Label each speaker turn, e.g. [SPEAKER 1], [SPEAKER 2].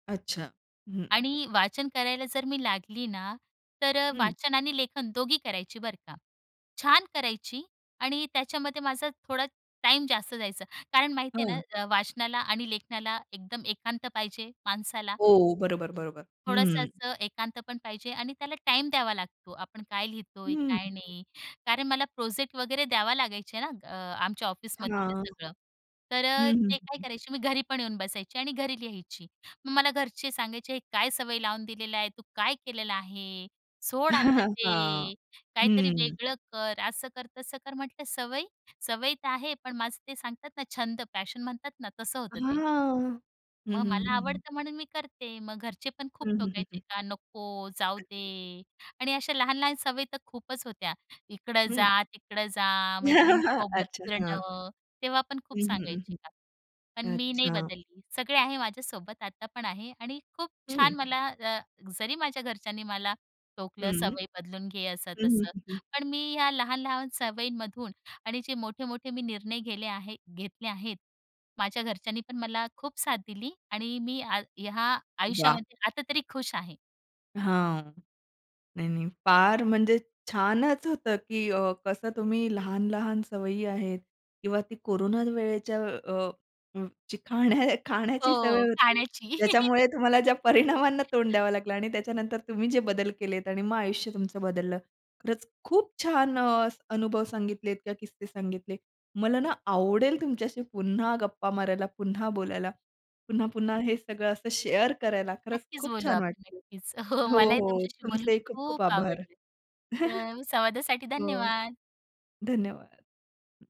[SPEAKER 1] अच्छा. हं.
[SPEAKER 2] आणि वाचन करायला जर मी लागली ना तर अ,
[SPEAKER 1] हं.
[SPEAKER 2] वाचन आणि लेखन दोघी करायची बरं का. छान करायची आणि त्याच्यामध्ये माझा थोडा टाईम जास्त जायचं कारण माहितीये ना
[SPEAKER 1] हं.
[SPEAKER 2] अ, वाचनाला आणि लेखनाला एकदम एकांत पाहिजे माणसाला.
[SPEAKER 1] हो. बरोबर, बरोबर.
[SPEAKER 2] थोडंसं
[SPEAKER 1] हं.
[SPEAKER 2] असं एकांत पण पाहिजे आणि त्याला टाईम द्यावा लागतो. आपण काय लिहितोय काय
[SPEAKER 1] हं.
[SPEAKER 2] नाही कारण मला प्रोजेक्ट वगैरे द्यावा लागायचे आहे ना अ, आमच्या ऑफिसमध्ये ते
[SPEAKER 1] हां.
[SPEAKER 2] सगळं तर
[SPEAKER 1] हं,
[SPEAKER 2] अ,
[SPEAKER 1] हं, हं,
[SPEAKER 2] ते काय
[SPEAKER 1] हं.
[SPEAKER 2] करायचे मी घरी पण येऊन बसायची आणि घरी लिहायची. मग मला घरचे सांगायचे "हे काय सवय लावून दिलेला आहे तू काय केलेलं आहे? सोड आता
[SPEAKER 1] हां.
[SPEAKER 2] ते. काहीतरी
[SPEAKER 1] हं.
[SPEAKER 2] वेगळं कर." असं कर तसं कर. म्हटलं सवय-सवय तर आहे पण माझं ते सांगतात ना छंद पॅशन म्हणतात ना तसं होतं ते.
[SPEAKER 1] हां. हं, हं,
[SPEAKER 2] मग
[SPEAKER 1] हं,
[SPEAKER 2] मला
[SPEAKER 1] हं.
[SPEAKER 2] आवडतं म्हणून मी करते मग घरचे पण
[SPEAKER 1] हं,
[SPEAKER 2] खूप
[SPEAKER 1] हं, हं,
[SPEAKER 2] टोकायचे
[SPEAKER 1] हं.
[SPEAKER 2] का "नको. जाऊ
[SPEAKER 1] अच्छा.
[SPEAKER 2] दे!" आणि अशा लहान-लहान सवयी तर खूपच होत्या इकडं
[SPEAKER 1] हं.
[SPEAKER 2] जा तिकडं जा मैत्रिणींसोबत
[SPEAKER 1] अच्छा. हां.
[SPEAKER 2] फिरणं तेव्हा पण
[SPEAKER 1] हं,
[SPEAKER 2] खूप
[SPEAKER 1] हं, हं,
[SPEAKER 2] सांगायचे का पण
[SPEAKER 1] हं.
[SPEAKER 2] मी नाही
[SPEAKER 1] अच्छा.
[SPEAKER 2] बदलली सगळे आहे माझ्यासोबत आता पण आहे आणि खूप
[SPEAKER 1] हं.
[SPEAKER 2] छान मला अ, जरी माझ्या घरच्यांनी मला टोकलं
[SPEAKER 1] हं. हं,
[SPEAKER 2] सवयी बदलून घे असं
[SPEAKER 1] हं,
[SPEAKER 2] तसं.
[SPEAKER 1] हं, हं.
[SPEAKER 2] पण मी या लहान-लहान सवयींमधून आणि जे मोठे-मोठे मी निर्णय घेले आहे घेतले आहेत माझ्या घरच्यांनी पण मला खूप साथ दिली आणि मी हा ह्या
[SPEAKER 1] वाह!
[SPEAKER 2] आयुष्यामध्ये आता तरी खुश आहे.
[SPEAKER 1] हां. नाही, नाही फार म्हणजे छानच होतं की अ, कसं तुम्ही लहान-लहान सवयी आहेत किंवा ती कोरोना वेळेच्या. अ, चिकन हे खाण्या खाण्याची सवय
[SPEAKER 2] हो
[SPEAKER 1] होती
[SPEAKER 2] खाण्याची.
[SPEAKER 1] ज्याच्यामुळे तुम्हाला ज्या परिणामांना तोंड द्यावं लागलं आणि त्याच्यानंतर तुम्ही जे बदल केलेत आणि मग आयुष्य तुमचं बदललं. खरंच खूप छान अ, असं अनुभव सांगितलेत किंवा किस्से सांगितले मला ना आवडेल तुमच्याशी पुन्हा गप्पा मारायला पुन्हा बोलायला पुन्हा-पुन्हा हे सगळं असं शेअर करायला. खरंच
[SPEAKER 2] नक्कीच
[SPEAKER 1] खूप
[SPEAKER 2] बोलू
[SPEAKER 1] छान
[SPEAKER 2] आपण
[SPEAKER 1] वाटतं.
[SPEAKER 2] नक्कीच हो
[SPEAKER 1] हो,
[SPEAKER 2] मलाही
[SPEAKER 1] हो.
[SPEAKER 2] तुमच्याशी बोलून
[SPEAKER 1] तुमचेही खूप-खूप
[SPEAKER 2] खूप
[SPEAKER 1] आभार.
[SPEAKER 2] आवडलं तर संवादासाठी
[SPEAKER 1] हो.
[SPEAKER 2] धन्यवाद.
[SPEAKER 1] धन्यवाद. हं.